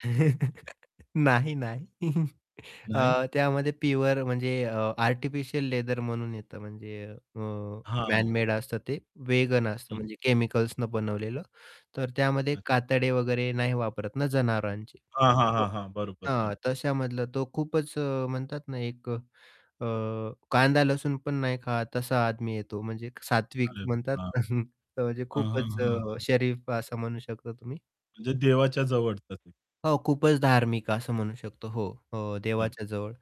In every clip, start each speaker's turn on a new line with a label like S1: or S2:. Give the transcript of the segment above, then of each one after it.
S1: नाही, नाही
S2: नाही.
S1: अ, त्यामध्ये प्युअर म्हणजे आर्टिफिशियल लेदर म्हणून येतं म्हणजे अ,
S2: हां.
S1: मॅनमेड असतं ते वेगन असतं
S2: हं.
S1: म्हणजे केमिकल्सनं बनवलेलं तर त्यामध्ये
S2: अच्छ
S1: कातडे वगैरे नाही वापरत ना जनावरांचे.
S2: हां, हां, हां,
S1: [unintelligible]
S2: हां, बरोबर, बरोबर.
S1: हां, तशामधलं तो खूपच म्हणतात ना, एक अ, कांदा-लसूण पण नाही खात तसा आदमी येतो म्हणजे सात्विक
S2: अरे,
S1: म्हणतात
S2: वाह!
S1: ना म्हणजे
S2: हं, हं,
S1: खूपच अ,
S2: हं.
S1: शरीफ असं म्हणू शकता तुम्ही.
S2: म्हणजे देवाच्या जवळचाच आहे.
S1: हो, खूपच धार्मिक असं म्हणू शकतो. हो अ,
S2: बरं.
S1: देवाच्याजवळ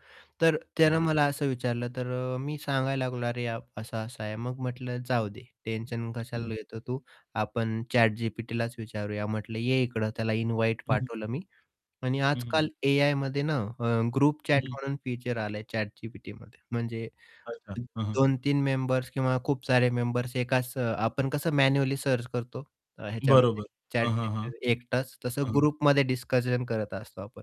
S1: तर त्यानं
S2: हं.
S1: मला असं विचारलं तर अ, मी सांगायला लागलो, अरे, असा-असा आहे मग म्हटलं जाऊदे, टेन्शन
S2: हं, हं.
S1: कशाला येतं? तू आपण ChatGPTलाच विचारूया. म्हटलं ये इकडं. त्याला इन्व्हाईट
S2: हं, हं.
S1: पाठवलं मी. आणि
S2: हं, हं.
S1: आजकाल एआयमध्ये ना अ, ग्रुप
S2: हं,
S1: चॅट
S2: हं.
S1: म्हणून फीचर आलंय ChatGPTमध्ये म्हणजे,
S2: अच्छा, हं, हं.
S1: 2-3 मेंबर्स किंवा खूप सारे मेंबर्स एकाच आपण कसं मॅन्युअली सर्च करतो ह्याच्यामध्ये
S2: बरोबर, हं, हं, हं.
S1: ChatGPT एकटाच तसं
S2: हं.
S1: ग्रुपमध्ये डिस्कशन करत असतो आपण.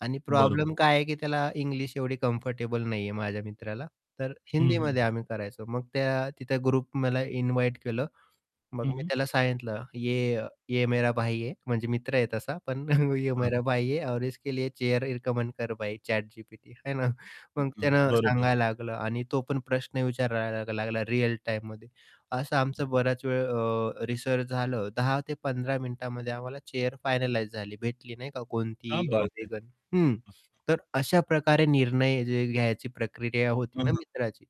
S1: आणि
S2: बरोबर.
S1: प्रॉब्लेम काय आहे, की त्याला इंग्लिश एवढी कम्फर्टेबल नाहीये माझ्या मित्राला. तर
S2: हं, हं.
S1: हिंदीमध्ये आम्ही करायचो मग त्या तिथे ग्रुप मला इन्व्हाईट केलं. मग
S2: हं,
S1: मी
S2: हं.
S1: त्याला सांगितलं ये ये मेरा भाई हे म्हणजे मित्र आहे तसा पण ये
S2: हां.
S1: मेरा भाई है और उसके लिए चेअर रिकमेंड कर भाई ChatGPT आहे ना. मग
S2: [unintelligible]
S1: त्यानं
S2: बरोबर.
S1: सांगायला लागलं आणि तो पण प्रश्न विचारायला लागला रिअल टाईममध्ये. असं
S2: हं.
S1: आमचं बराच वेळ अ, रिसर्च झालं 10 ते 15 मिनिटामध्ये आम्हाला चेअर फायनलाईज झाली, भेटली नाही का कोणती
S2: कया बात हे! हं,
S1: वेगन. हं,
S2: हं.
S1: तर अशा प्रकारे निर्णय जे घ्यायची प्रक्रिया
S2: हं,
S1: होती ना
S2: हं.
S1: मित्राची.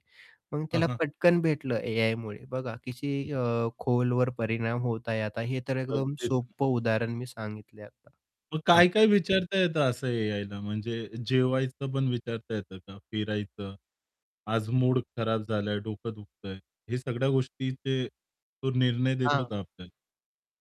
S1: मग
S2: हां,
S1: त्याला
S2: हां.
S1: पटकन भेटलं एआयमुळे. बघा कशी
S2: [unintelligible]
S1: अ, खोलवर परिणाम होत आहे आता. हे तर एकदम
S2: अगदीच
S1: सोपं उदाहरण मी सांगितलंय आता.
S2: मग
S1: हां.
S2: काय-काय विचारता येतं असं एआयला म्हणजे जेवायचं पण विचारता येतं का? फिरायचं, आज मूड खराब झालंय, डोकं दुखतंय, हे सगळ्या गोष्टीचे तो निर्णय देतो
S1: हां.
S2: का आपल्याला?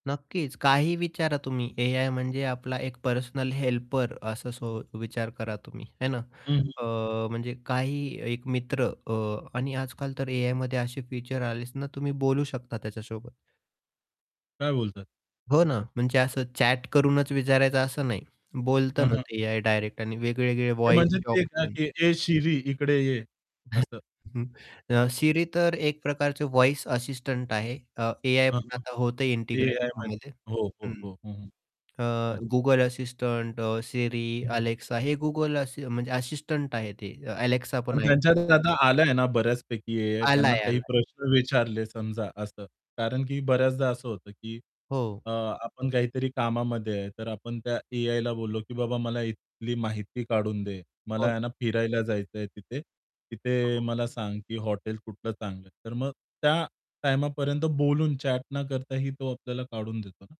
S1: नक्कीच काही विचारा तुम्ही एआय म्हणजे आपला एक पर्सनल हेल्पर असं विचार करा तुम्ही आहे ना
S2: हं,
S1: अ,
S2: हं.
S1: म्हणजे काही एक मित्र अ, आणि आजकाल तर एआयमध्ये असे फीचर आले ना तुम्ही बोलू शकता त्याच्यासोबत.
S2: काय बोलताय?
S1: हो ना म्हणजे असं चॅट करूनच विचारायचं असं नाही. बोलत
S2: हं,
S1: ना
S2: हं.
S1: ते एआय डायरेक्ट आणि वेगवेगळे
S2: ते
S1: व्हॉईस
S2: म्हणजे
S1: चे
S2: ते, का
S1: ऑप्शन.
S2: "ए शिरी इकडे ये" असं.
S1: Siri तर एक प्रकारचे व्हॉईस असिस्टंट आहे अ, एआय
S2: हां,
S1: पण
S2: हां,
S1: आता होतं
S2: ते
S1: इंटिग्रेट
S2: एआयमध्ये.
S1: त्यामध्ये
S2: हो, हो,
S1: हं.
S2: हो, हो
S1: आह,
S2: अच्छ
S1: Google असिस्टंट, Siri,
S2: हं.
S1: Alexa हे Google म्हणजे असिस्टंट आहे ते Alexa
S2: पण
S1: पण ऐकला
S2: त्यांच्यात
S1: [unintelligible]
S2: डेटा आल्या ना बऱ्याचपैकी एआय त्यांना
S1: आलाय,
S2: काही
S1: आलाय.
S2: प्रश्न विचारले समजा असं कारण, की बऱ्याचदा असं होतं, की
S1: हो.
S2: अ, आपण काहीतरी कामामध्ये आहे तर आपण त्या एआयला बोललो, की बाबा मला इथली माहिती काढून दे. मला
S1: हो
S2: आहे
S1: ना.
S2: ना फिरायला जायचंय तिथे तिथे
S1: हो.
S2: मला सांग, की हॉटेल कुठलं चांगलं आहे. तर मग त्या टाईमापर्यंत बोलून चॅट न करताही तो आपल्याला काढून देतो ना.